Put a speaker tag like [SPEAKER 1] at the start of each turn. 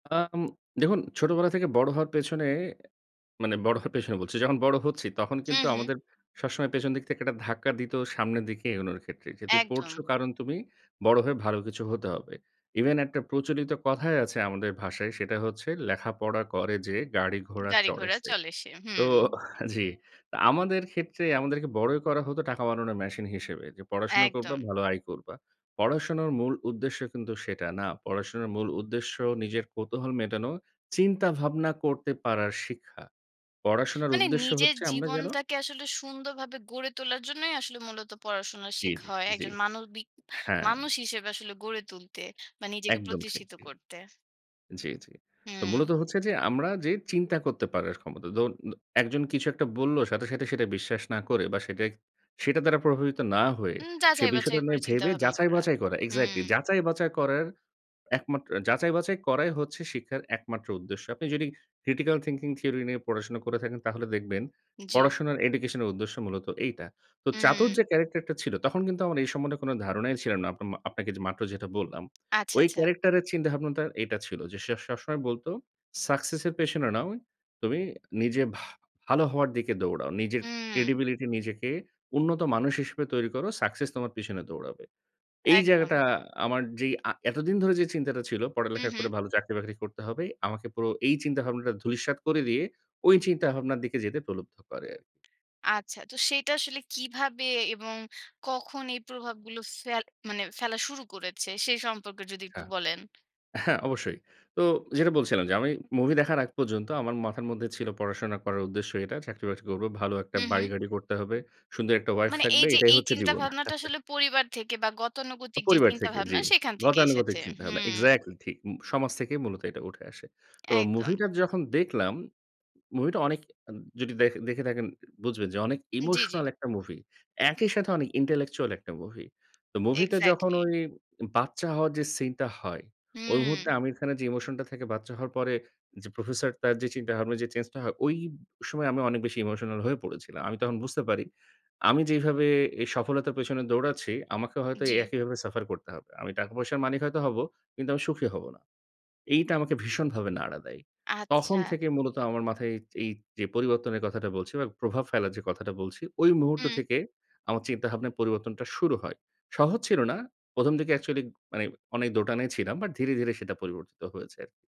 [SPEAKER 1] আম দেখুন ছোটবেলা থেকে বড় হওয়ার পেছনে, মানে বড় হওয়ার পেছনে বলছি। যখন বড় হচ্ছি তখন
[SPEAKER 2] হু,
[SPEAKER 1] কিন্তু
[SPEAKER 2] হু।
[SPEAKER 1] আমাদের সবসময় পেছনের দিক থেকে একটা ধাক্কা দিত সামনের দিকে এগোনোর ক্ষেত্রে। যেহেতু পড়ছ
[SPEAKER 2] একদম।
[SPEAKER 1] কারণ তুমি বড় হয়ে ভালো কিছু হতে হবে। ইভেন একটা প্রচলিত কথাই আছে আমাদের ভাষায় সেটা হচ্ছে, "লেখাপড়া করে যে গাড়ি ঘোড়া চড়ে
[SPEAKER 2] গাড়িঘোড়া
[SPEAKER 1] সে।"
[SPEAKER 2] চলে সে,
[SPEAKER 1] তো
[SPEAKER 2] হুম।
[SPEAKER 1] জি। তো আমাদের ক্ষেত্রে আমাদেরকে বড়ই করা হতো টাকা বানানোর মেশিন হিসেবে। যে পড়াশোনা করবা
[SPEAKER 2] একদম।
[SPEAKER 1] ভালো আয় করবা। পড়াশোনার মূল উদ্দেশ্য কিন্তু সেটা না। পড়াশোনার মূল উদ্দেশ্য নিজের কৌতূহল মেটানো, চিন্তা ভাবনা করতে পারার শিক্ষা। পড়াশোনার
[SPEAKER 2] মানে
[SPEAKER 1] উদ্দেশ্য
[SPEAKER 2] নিজের
[SPEAKER 1] হচ্ছে আমরা যেন
[SPEAKER 2] জীবনটাকে আসলে সুন্দরভাবে গড়ে তোলার জন্যই আসলে মূলত পড়াশোনা
[SPEAKER 1] জি,
[SPEAKER 2] শেখা
[SPEAKER 1] জি,
[SPEAKER 2] হয়।
[SPEAKER 1] জি।
[SPEAKER 2] একজন মানবিক
[SPEAKER 1] হ্যাঁ।
[SPEAKER 2] মানুষ হিসেবে আসলে গড়ে তুলতে। বা নিজেকে
[SPEAKER 1] একদম ঠিক,
[SPEAKER 2] প্রতিষ্ঠিত
[SPEAKER 1] জি,
[SPEAKER 2] করতে।
[SPEAKER 1] জি, জি। তো মূলত
[SPEAKER 2] হুম।
[SPEAKER 1] হচ্ছে যে আমরা যে চিন্তা করতে পারার ক্ষমতা। ধরু দ একজন কিছু একটা বলল সাথে, সাথে সেটা বিশ্বাস না করে বা সেটাই সেটা দ্বারা প্রভাবিত না হয়ে
[SPEAKER 2] হুম,
[SPEAKER 1] সে
[SPEAKER 2] যাচাই-বাছাই
[SPEAKER 1] বিষয়টা নিয়ে
[SPEAKER 2] করে চিন্তা
[SPEAKER 1] ভেবে
[SPEAKER 2] ভাবনা করা,
[SPEAKER 1] যাচাই-বাচাই করা। এক্সাক্টলি
[SPEAKER 2] হুম।
[SPEAKER 1] যাচাই-বাচাই করার একমাত্র যাচাই-বাছাই করাই হচ্ছে শিক্ষার একমাত্র উদ্দেশ্য। আপনি যদি critical thinking theory নিয়ে পড়াশোনা করে থাকেন তাহলে দেখবেন,
[SPEAKER 2] জি।
[SPEAKER 1] পড়াশোনার education এর উদ্দেশ্য মূলত এইটা। তো চাতুর
[SPEAKER 2] হুম।
[SPEAKER 1] যে character টা ছিল তখন কিন্তু আমার এই সম্বন্ধে কোনো ধারণাই ছিল না। আপনা মা আপনাকে যে মাত্র যেটা বললাম।
[SPEAKER 2] আচ্ছা,
[SPEAKER 1] ওই
[SPEAKER 2] আচ্ছা।
[SPEAKER 1] character এর চিন্তাভাবনাটা এটা ছিল যে সে সবসময় বলত "success এর পেছনে নয় তুমি নিজে ভা ভালো হওয়ার দিকে দৌড়াও। নিজের
[SPEAKER 2] উম
[SPEAKER 1] credibility নিজেকে উন্নত মানুষ হিসেবে তৈরি করো success তোমার পেছনে দৌড়াবে।" এই জায়গাটা
[SPEAKER 2] একদম।
[SPEAKER 1] আমার যেই আ এতদিন ধরে যে চিন্তাটা ছিল পড়ালেখা করে
[SPEAKER 2] উহু।
[SPEAKER 1] ভালো চাকরি বাকরি করতে হবে। আমাকে পুরো এই চিন্তাভাবনাটা ধূলিসাৎ করে দিয়ে ওই চিন্তাভাবনার দিকে যেতে প্রলুব্ধ করে।
[SPEAKER 2] আচ্ছা তো সেটা আসলে কীভাবে এবং কখন এই প্রভাবগুলো ফেল মানে ফেলা শুরু করেছে সে সম্পর্কে যদি
[SPEAKER 1] আচ্ছা
[SPEAKER 2] একটু বলেন।
[SPEAKER 1] হ্যাঁ, অবশ্যই। তো যেটা বলছিলাম যে আমি মুভি দেখার আগ পর্যন্ত আমার মাথার মধ্যে ছিল "পড়াশোনা করার উদ্দেশ্য এটা চাকরি-বাকরি করব। ভালো একটা
[SPEAKER 2] হু, হু।
[SPEAKER 1] বাড়ি-গাড়ি করতে হবে। সুন্দর একটা ওয়াইফ
[SPEAKER 2] মানে এই
[SPEAKER 1] থাকবে।
[SPEAKER 2] যে
[SPEAKER 1] এটাই
[SPEAKER 2] এই
[SPEAKER 1] হচ্ছে
[SPEAKER 2] চিন্তা
[SPEAKER 1] জীবন।"
[SPEAKER 2] ভাবনাটা আসলে পরিবার থেকে বা গতানুগতিক যে
[SPEAKER 1] পরিবার থেকে
[SPEAKER 2] চিন্তাভাবনা
[SPEAKER 1] জি।
[SPEAKER 2] সেখান থেকে
[SPEAKER 1] গতানুগতিক
[SPEAKER 2] এসেছে,
[SPEAKER 1] চিন্তাভাবনা।
[SPEAKER 2] হুম।
[SPEAKER 1] এক্সাক্টলি ঠিক। মু সমাজ থেকেই মূলত এটা উঠে আসে। তো
[SPEAKER 2] একদম।
[SPEAKER 1] মুভিটার যখন দেখলাম মুভিটা অনেক আন যদি দেখ দেখে থাকেন বুঝবেন যে অনেক
[SPEAKER 2] জি, জি।
[SPEAKER 1] ইমোশনাল একটা মুভি। একই সাথে অনেক intellectual একটা মুভি। তো মুভিতে যখন
[SPEAKER 2] এক্সাক্টলি।
[SPEAKER 1] ওই বাচ্চা হওয়ার যে সিন টা হয়, ওই মুহূর্তে
[SPEAKER 2] হু।
[SPEAKER 1] আমির খানের যে ইমোশনটা থাকে বাচ্চা হওয়ার পরে যে প্রফেসরটার তার যে চিন্তাভাবনা যে চেঞ্জটা হয় ওই সময় আমি অনেক বেশি ইমোশনাল হয়ে পড়েছিলাম। আমি তখন বুঝতে পারি, "আমি যেইভাবে এ সফলতার পেছনে দৌড়াচ্ছি আমাকে হয়তো
[SPEAKER 2] জি।
[SPEAKER 1] একইভাবে suffer করতে হবে। আমি টাকা-পয়সার মালিক হয়তো হব কিন্তু আমি সুখী হব না।" এইটা আমাকে ভীষণভাবে নাড়া দেয়। তখন
[SPEAKER 2] আচ্ছা।
[SPEAKER 1] থেকে মূলত আমার মাথায় এই, এই যে পরিবর্তনের কথাটা বলছি বা প্রভাব ফেলার যে কথাটা বলছি, ওই মুহূর্ত
[SPEAKER 2] হুম।
[SPEAKER 1] থেকে আমার চিন্তাভাবনার পরিবর্তনটা শুরু হয়। সহজ ছিল না। ১ম, দিকে actually মানে অনেক দোটানায় ছিলাম বাট ধীরে, ধীরে সেটা পরিবর্তিত হয়েছে আরকি।